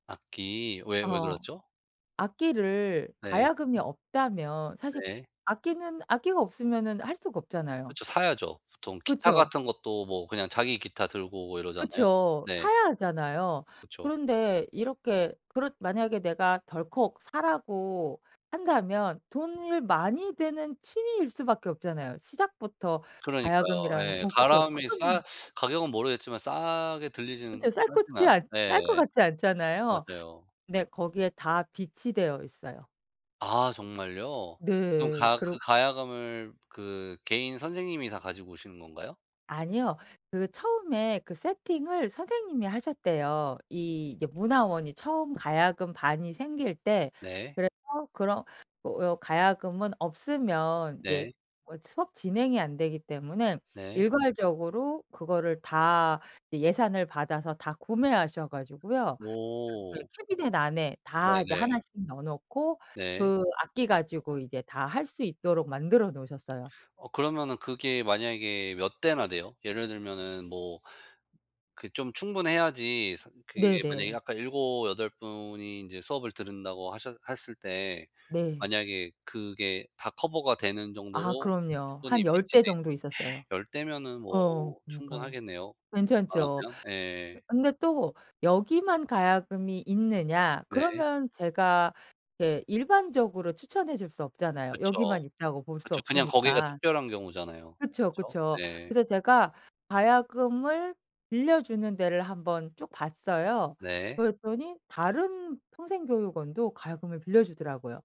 악기 왜, 왜 어. 그러죠? 악기를 네. 가야금이 없다면 사실 네. 악기는 악기가 없으면은 할 수가 없잖아요. 그쵸. 사야죠. 보통 기타 그쵸. 같은 것도 뭐 그냥 자기 기타 들고 오고 이러잖아요. 그쵸. 네. 사야 하잖아요. 그쵸. 그런데 이렇게 그렇 만약에 내가 덜컥 사라고 한다면 돈을 많이 드는 취미일 수밖에 없잖아요. 시작부터 그러니까요. 가야금이라는 예. 어 그쵸. 가야금이 싸 큰 가격은 모르겠지만 싸게 들리지는 그쵸. 쌀 싸진 것지 않 않 예. 쌀 것 같지 않잖아요. 맞아요. 네 거기에 다 비치되어 있어요. 아 정말요? 그럼 네. 가 그 그렇 가야금을 그 개인 선생님이 다 가지고 오시는 건가요? 아니요. 그 처음에 그 세팅을 선생님이 하셨대요, 이 예 문화원이 처음 가야금 반이 생길 때. 네. 그래서 그런 어 가야금은 없으면 이제 네. 어 수업 진행이 안 되기 때문에 네. 일괄적으로 그거를 다 이 예산을 받아서 다 구매하셔 가지고요. 그렇게 오. 캐비닛 안에 다 이제 네네. 하나씩 넣어 놓고 네. 그 악기 가지고 이제 다 할 수 있도록 만들어 놓으셨어요. 어 그러면은 그게 만약에 몇 대나 돼요? 예를 들면은 뭐 그 좀 충분해야지 사 그게 만약에 네네. 아까 7-8 분이 인제 수업을 들은다고 하셨 했을 때 네. 만약에 그게 다 커버가 되는 아. 정도로 그럼요. 한 충분히 10 비치돼 대 있 정도 있었어요. 10 대면은 뭐 어 그러니까요. 충분하겠네요 괜찮죠. 그러면. 예. 근데 또 여기만 가야금이 있느냐? 네. 그러면 제가 게 일반적으로 추천해 줄 수 없잖아요. 그쵸. 여기만 있다고 볼 수 그쵸. 그냥 거기가 없으니까. 특별한 경우잖아요. 그쵸, 그쵸? 그쵸. 네. 그래서 제가 가야금을 빌려주는 데를 한번 쭉 봤어요. 네. 그랬더니 다른 평생교육원도 가야금을 빌려 주더라고요.